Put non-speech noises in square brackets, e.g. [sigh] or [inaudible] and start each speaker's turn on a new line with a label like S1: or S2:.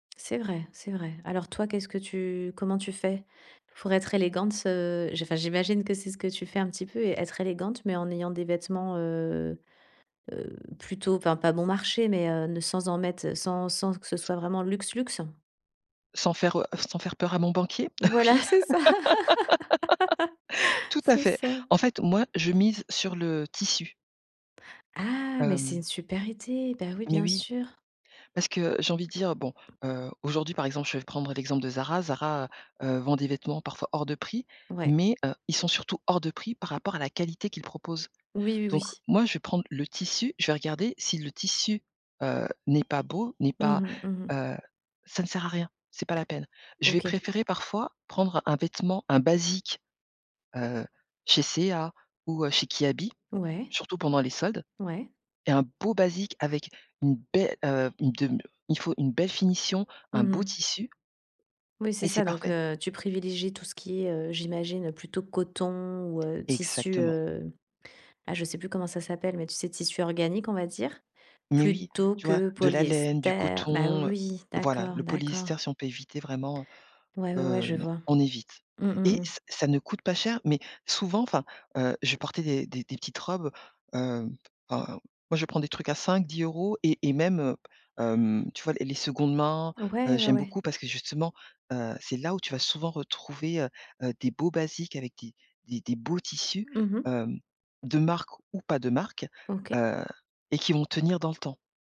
S1: C'est vrai, c'est vrai. Alors toi, qu'est-ce que tu comment tu fais? Pour être élégante, heu, j enfin, j'imagine que c'est ce que tu fais un petit peu et être élégante, mais en ayant des vêtements, heu, heu, plutôt, enfin, pas bon marché, mais, heu, ne sans en mettre sans sans que ce
S2: S
S1: soit vraiment luxe, luxe.
S2: Sans faire, heu, f sans faire peur à mon banquier?
S1: Voilà,
S2: Oui.
S1: c'est ça,
S2: [laughs]
S1: [laughs]
S2: Tout à
S1: c'est
S2: fait.
S1: ça.
S2: En fait, moi, je mise sur le tissu.
S1: Ah, mais c'est une
S2: Hem
S1: super idée. Bah oui,
S2: Mais
S1: bien
S2: oui.
S1: sûr.
S2: Parce que j'ai envie de dire, bon, heu, aujourd'hui, par exemple, je vais prendre l'exemple de Zara. Zara, heu, vend des vêtements, parfois, hors de prix
S1: Ouais.
S2: mais, heu, ils sont surtout hors de prix par rapport à la qualité qu'ils proposent.
S1: Oui, oui,
S2: Donc
S1: oui.
S2: moi, je vais prendre le tissu, je vais regarder si le tissu, heu, n'est pas beau, n'est
S1: Mmh
S2: pas,
S1: mh. Mmh mh.
S2: heu, ça ne sert à rien, c'est pas la peine. Je vais
S1: OK.
S2: préférer parfois prendre un vêtement, un basique, heu, chez C&A ou, heu, chez Kiabi,
S1: Ouais.
S2: surtout pendant les soldes
S1: Ouais.
S2: et un beau basique avec une be heu, une dem il faut une belle finition,
S1: Mmh
S2: un beau
S1: mh.
S2: tissu.
S1: Oui, c'est
S2: Et c'est
S1: ça. Donc,
S2: parfait.
S1: heu, tu privilégies tout ce qui est, heu, j'imagine plutôt coton ou, heu, tissu,
S2: Exactement.
S1: heu, bah, je sais plus comment ça s'appelle, mais, tu sais, tissus organiques, on va dire
S2: Mais oui.
S1: plutôt
S2: Tu vois,
S1: que
S2: de la laine, du
S1: polyester. Bah,
S2: coton.
S1: oui,
S2: Voilà,
S1: d'accord,
S2: le
S1: d'accord.
S2: polyester, si on peut éviter vraiment,
S1: Ouais, ouais, ouais,
S2: heu,
S1: je
S2: non,
S1: vois.
S2: on évite.
S1: Mmh, mmh,
S2: Et
S1: mmh.
S2: ç ça ne coûte pas cher, mais souvent, enfin, heu, je portais des des des petites robes, hem, ben, moi je vais prendre des trucs à 5-10 € et et même, heu, hem, tu vois, les les secondes mains, heu,
S1: Ouais, ouais,
S2: j'aime
S1: ouais.
S2: beaucoup parce que justement, heu, c'est là où tu vas souvent retrouver, heu, heu, des beaux basiques avec des des des beaux tissus,
S1: Mmh mh.
S2: hem, de marque ou pas de marque,
S1: OK.
S2: heu et qui vont tenir dans le temps.